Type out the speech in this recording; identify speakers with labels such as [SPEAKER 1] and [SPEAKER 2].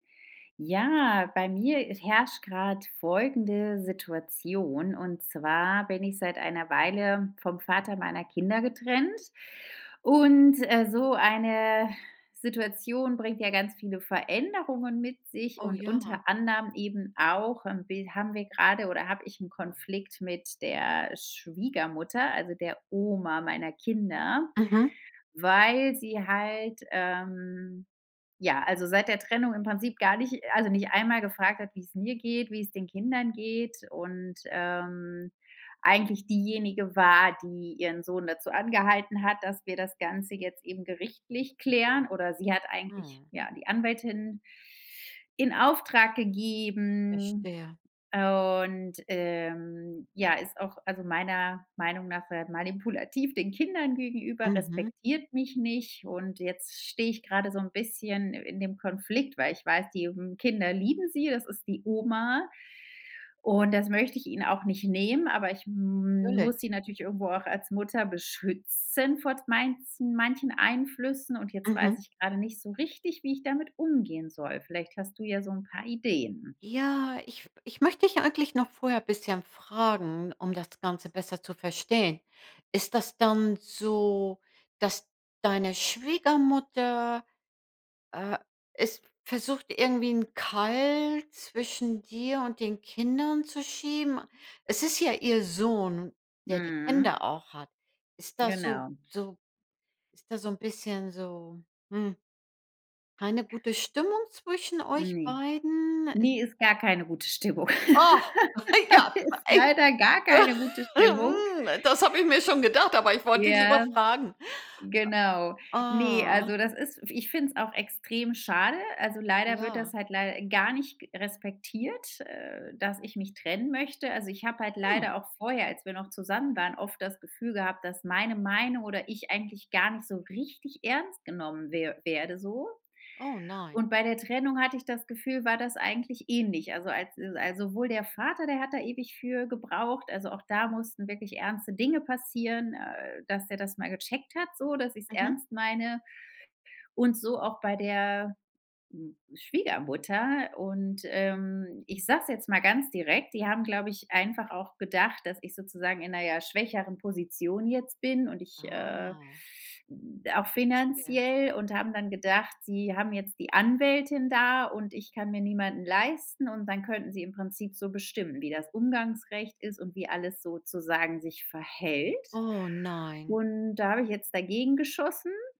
[SPEAKER 1] Ja, bei mir i herrscht grad folgende Situation: Und zwar bin ich seit einer Weile vom Vater meiner Kinder getrennt. Und, äh, so eine Situation bringt ja ganz viele Veränderungen mit sich
[SPEAKER 2] Oh
[SPEAKER 1] und
[SPEAKER 2] ja.
[SPEAKER 1] unter anderem eben auch irgendwie 'n bi haben wir grade oder hab ich 'n Konflikt mit der Schwiegermutter, also der Oma meiner Kinder,
[SPEAKER 2] Mhm.
[SPEAKER 1] weil sie halt, ähm ja, also seit der Trennung im Prinzip gar nicht also, nicht einmal gefragt hat, wie's mir geht, wie's den Kindern geht und, ähm, eigentlich diejenige war, die ihren Sohn dazu angehalten hat, dass wir das Ganze jetzt eben gerichtlich klären. Oder sie hat eigentlich,
[SPEAKER 2] Mhm.
[SPEAKER 1] ja, die Anwältin in Auftrag gegeben,
[SPEAKER 2] Verstehe.
[SPEAKER 1] und, ähm, ja, ist auch,- also meiner Meinung nach- sehr manipulativ den Kindern gegenüber,
[SPEAKER 2] Mhm.
[SPEAKER 1] respektiert mich nicht. Und jetzt stehe ich gerade so 'n bisschen i in dem Konflikt, weil ich weiß, die, hm, Kinder lieben sie. Es ist die Oma. Und das möcht ich ihnen auch nicht nehmen, aber ich
[SPEAKER 2] 'türlich.
[SPEAKER 1] muss sie natürlich irgendwo auch als Mutter beschützen vor meinzen manchen Einflüssen. Und jetzt
[SPEAKER 2] Mhm.
[SPEAKER 1] weiß ich gerade nicht so richtig, wie ich damit umgehen soll. Vielleicht hast du ja so 'n paar Ideen.
[SPEAKER 2] Ja, ich f ich möchte dich eigentlich noch vorher bisschen fragen, um das Ganze besser zu verstehen: Ist das dann so, dass deine Schwiegermutter, äh, es versucht, irgendwie 'n Keil zwischen dir und den Kindern zu schieben? Es ist ja ihr Sohn, der die
[SPEAKER 1] Mhm.
[SPEAKER 2] Kinder auch hat. Ist das so
[SPEAKER 1] Genau.
[SPEAKER 2] so ist da so 'n bisschen so hm, keine gute Stimmung zwischen euch
[SPEAKER 1] Ne.
[SPEAKER 2] beiden? Äh
[SPEAKER 1] Ne, ist gar keine gute Stimmung.
[SPEAKER 2] Oh, ja,
[SPEAKER 1] Ist
[SPEAKER 2] echt,
[SPEAKER 1] leider gar keine gute Stimmung.
[SPEAKER 2] hm, das habe ich mir schon gedacht, aber ich wollte dich lieber
[SPEAKER 1] Ja,
[SPEAKER 2] fragen.
[SPEAKER 1] genau. Ne,
[SPEAKER 2] Ah.
[SPEAKER 1] also das ist f ich finde es auch extrem schade. Also, leider wird
[SPEAKER 2] Ja.
[SPEAKER 1] das halt leider gar nicht g respektiert, äh, dass ich mich trennen möchte. Also, ich habe halt
[SPEAKER 2] Hm.
[SPEAKER 1] leider auch vorher, als wir noch zusammen waren, oft das Gefühl gehabt, dass meine Meinung oder ich eigentlich gar nicht so richtig ernst genommen wer werde so.
[SPEAKER 2] Oh nein.
[SPEAKER 1] Und bei der Trennung hatte ich das Gefühl, war das eigentlich ähnlich. Also, als al sowohl der Vater, der hat da ewig für gebraucht. Also, auch da mussten wirklich ernste Dinge passieren, äh, dass der das mal gecheckt hat so, dass ich's
[SPEAKER 2] Mhm.
[SPEAKER 1] ernst meine. Und so auch bei der, Schwiegermutter. Und, ähm, ich sage es jetzt mal ganz direkt. Die haben, glaub ich, einfach auch gedacht, dass ich sozusagen in 'ner, ja, schwächeren Position jetzt bin und ich, äh
[SPEAKER 2] Ah.
[SPEAKER 1] auch
[SPEAKER 2] Verstehe.
[SPEAKER 1] finanziell und haben dann gedacht, sie haben jetzt die Anwältin da, und ich kann mir niemanden leisten, und dann könnten sie im Prinzip so bestimmen, wie das Umgangsrecht ist und wie alles sozusagen sich verhält.
[SPEAKER 2] Oh nein.
[SPEAKER 1] Und da hab ich jetzt dagegen geschossen.